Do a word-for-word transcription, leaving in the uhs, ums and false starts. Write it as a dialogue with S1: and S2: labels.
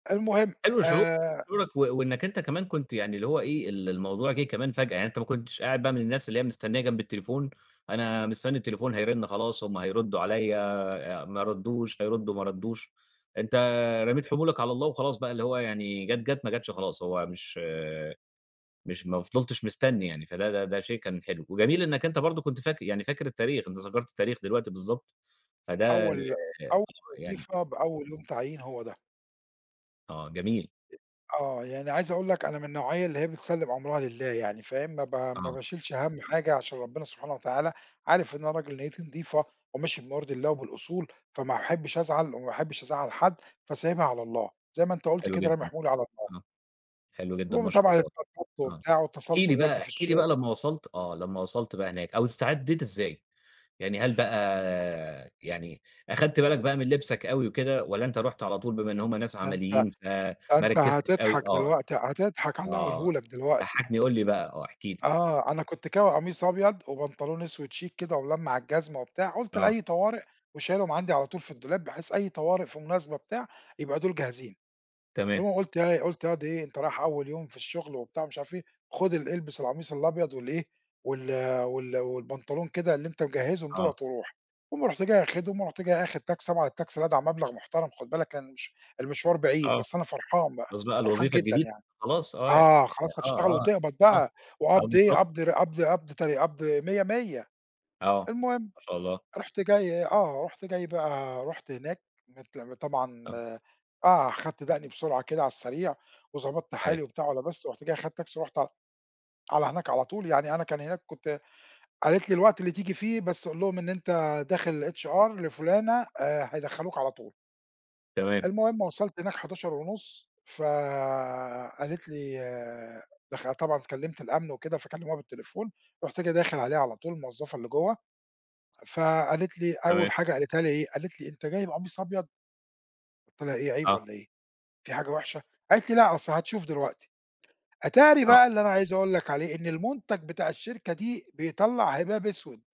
S1: المهم
S2: حلو شعور
S1: آآ
S2: شعورك و وإنك أنت كمان كنت يعني اللي هو إيه، ال الموضوع جِه كمان فجأة، يعني أنت ما كنتش قاعد بقى من الناس اللي هي مستنيّة جنب التليفون، أنا مستنّي التليفون هيرِن خلاص، هُم هيردّوا عليَّ، آآ ما ردّوش، هيردّوا ما ردّوش، أنت رميت حمولك على الله وخلاص بقى، اللي هو يعني جات، جات، ما جتش خلاص، هو مش مش ما فضِلتش مستنّي يعني فده ده ده شيء كان حلو وجميل إنك أنت برضه كنت فاكر يعني، فاكر التاريخ أنت ذكرت التاريخ دلوقتي، بالضبط فده
S1: أول أول
S2: يعني
S1: وظيفة بأول يوم تعيين، هو ده.
S2: آه جميل.
S1: أ آه يعني عايز أقول لك أنا من النوعية اللي هي بتسلِّم أمْرها لله يعني فاهم، ما ب ما
S2: آه.
S1: باشِيلش هَم حاجة عشان ربنا سبحانه وتعالى عارف إن أنا راجل نيّتي نضيفة وماشي بما يرضي الله وبالأصول، فما باحبّش أزعَل وما باحبّش أزعّل حد فسايبها على الله زي ما أنت قُلت
S2: حلو
S1: كده، رامي
S2: جدًا،
S1: حمولي على الله.
S2: آه حلو جدًا
S1: المهم
S2: ما شاء
S1: طبعًا
S2: الله،
S1: اتبسطت
S2: آه،
S1: وبتاع
S2: احكِ
S1: واتّصلت
S2: لي بقى
S1: بوالدي في
S2: احكِ لي بقى
S1: الشغل.
S2: لما وصَلت آه لما وصَلت بقى هناك أو استعدّيت إزاي؟ يعني هل بقى يعني أخَدت بالك بقى من لِبسك أوي وكده والّا أنت رُحت على طول بما إن هُم ناس
S1: ده أنت
S2: عمليين فما
S1: ده أنت
S2: ركّزتش أوي،
S1: هتضحَك
S2: آه،
S1: دلوقتي هتضحَك على اللي
S2: آه،
S1: هاقوله لك دلوقتي.
S2: ضحّكني، قُل لي بقى آه احكِ لي؟
S1: آه أنا كنت كاوي قميص أبيض وبنطلون أسود chic كده وملمّع الجزمة وبتاع، قُلت
S2: آه.
S1: لأي طوارئ وشايلهم عندي على طول في الدولاب بحيث أي طوارئ، في مناسبة، بتاع، يبقى دول جاهزين،
S2: تمام.
S1: المهم قُلت إيه، قُلت ياض إيه أنت رايح أول يوم في الشغل وبتاع ومش عارف إيه، خد ال إلبس القميص الأبيض وال إيه وال وال والبنطلون كده اللي أنت مجّهزهم
S2: آه.
S1: دُولَة وروح المهم رُحت جاي آخدهم ورُحت آخد تاكسي طبعًا التاكسي لدعع مبلَغ محترَم خُد بالك كان مش المشوار بعيد
S2: آه
S1: بس أنا فرحان بقى،
S2: خلاص بقى
S1: فرحان
S2: الوظيفة
S1: جدًا
S2: الجديدة
S1: يعني
S2: خلاص آه يع
S1: آه،
S2: ي
S1: خلاص
S2: آه
S1: هشتغل
S2: آه
S1: وتقبَض
S2: آه
S1: بقى
S2: آه
S1: وقبْض إيه،
S2: بالضبط
S1: قبض ر قبض
S2: آه.
S1: قبض تر قبض مِيّة، مِيّة،
S2: آه
S1: المهم
S2: ما شاء الله.
S1: رُحت جاي، آه رُحت جاي بقى رُحت هناك مت م طبعًا
S2: تم
S1: آه، خدت دقني بسرعة كده على السريع وضبطت حالي
S2: أيوه.
S1: وبتاع ولِبست رُحت جاي أخدت تاكسي ورُحت ع على هناك على طول يعني أنا كان هناك كنت قالت لي الوقت اللي تيجي فيه بس قُل لهم إن أنت داخل للHR لفلانة آآ هيدّخلوك على طول.
S2: تمام.
S1: المهم وصلت هناك حداشر ونُص ف قالت لي دخل طبعًا اتكلّمت الأمن وكده فكلّموها بالتليفون، رُحت جاي داخل عليها على طول الموظفة اللي جوّه فقالت لي، أول
S2: تمام.
S1: حاجة قالتها لي إيه، قالت لي: "أنت جاي بقميص أبيض؟" قُلت لها: "إيه، عيب
S2: آه.
S1: والّا إيه، في حاجة وحشة؟" قالت لي: "لأ أصل هتشوف دلوقتي." أتاري
S2: آه.
S1: بقى اللي أنا عايز أقول لك عليه إن المنتج بتاع الشركة دي بيطلّع هباب أسود.